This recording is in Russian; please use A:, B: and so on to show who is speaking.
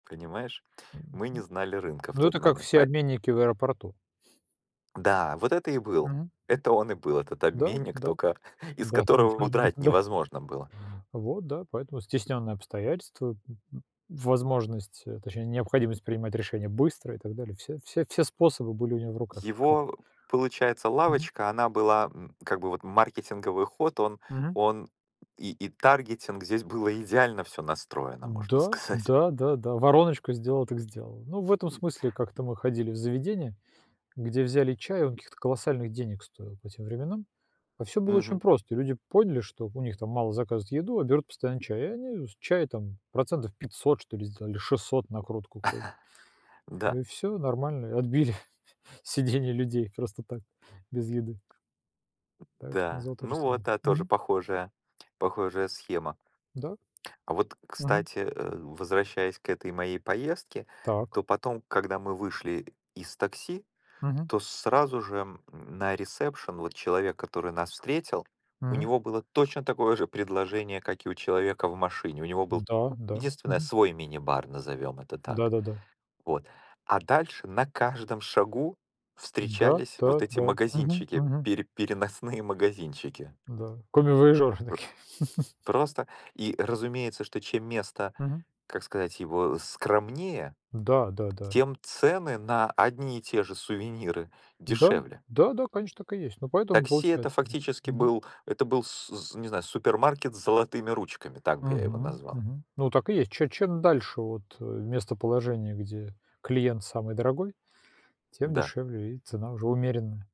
A: Понимаешь? Мы не
B: Мгм.
A: знали рынка в
B: Ну
A: тот
B: это как
A: момент.
B: все
A: Поэ
B: обменники в аэропорту.
A: Да, вот это и был.
B: Мгм.
A: Это он и был, этот
B: Да,
A: обменник,
B: да.
A: только из
B: Да, там
A: которого
B: ничего не
A: удрать
B: нужно, да.
A: невозможно было.
B: Вот, да. Поэтому стесненные обстоятельства, м, м, возможность, э, точнее необходимость принимать решения быстро и так далее, все все все способы были у него в руках. Хаб
A: Его получается
B: Мгм.
A: лавочка она была, м, как бы вот маркетинговый ход он
B: Мгм.
A: он и и таргетинг здесь было идеально всё настроено можно
B: М-да,
A: сказать.
B: да, да, да. Вороночку сделала, так сделала. Ну в этом смысле как-то мы ходили в заведение, где взяли чай, он каких-то колоссальных денег стоил по тем временам, а всё было очень
A: Мгм.
B: просто, люди поняли, что у них там мало заказывают еду, а берут постоянно чай и они с чая там процентов 500 что ли сделали, 600 накрутку как бы.
A: Да.
B: Ну и всё, и нормально, отбили сидение людей просто так, без еды.
A: М,
B: Так что я
A: да.
B: сделал то же
A: Ну вот,
B: самое.
A: та тоже
B: Мгм.
A: похожая, похожая схема.
B: Да.
A: А вот,
B: Мгм.
A: кстати, э, возвращаясь к этой моей поездке,
B: Так.
A: то потом, когда мы вышли из такси,
B: Мгм.
A: то сразу же, м, на ресепшен вот человек, который нас встретил, у
B: Мгм.
A: него было точно такое же предложение, как и у человека в машине. У него был,
B: Да, да,
A: единственное,
B: мгм.
A: свой мини-бар, назовём это так.
B: Да-да-да.
A: Вот, а дальше на каждом шагу
B: Да,
A: встречались
B: да,
A: вот эти
B: да. Мгм,
A: магазинчики,
B: мгм.
A: пере переносные магазинчики.
B: Да, комивояжёры
A: Пр
B: такие.
A: просто и, разумеется, что чем место,
B: Мгм.
A: как сказать, его скромнее,
B: Да, да, да.
A: тем цены на одни и те же сувениры
B: Да,
A: дешевле.
B: да, да, конечно, так и есть, ну поэтому
A: Такси это,
B: получается, да,
A: фактически,
B: мгм.
A: был это был с су не знаю супермаркет с золотыми ручками, так бы я его
B: Мгм.
A: назвал.
B: Мгм. Ну так и есть, че чем дальше вот, э, местоположение, где клиент самый дорогой, тем
A: Да!
B: дешевле и цена уже умеренная.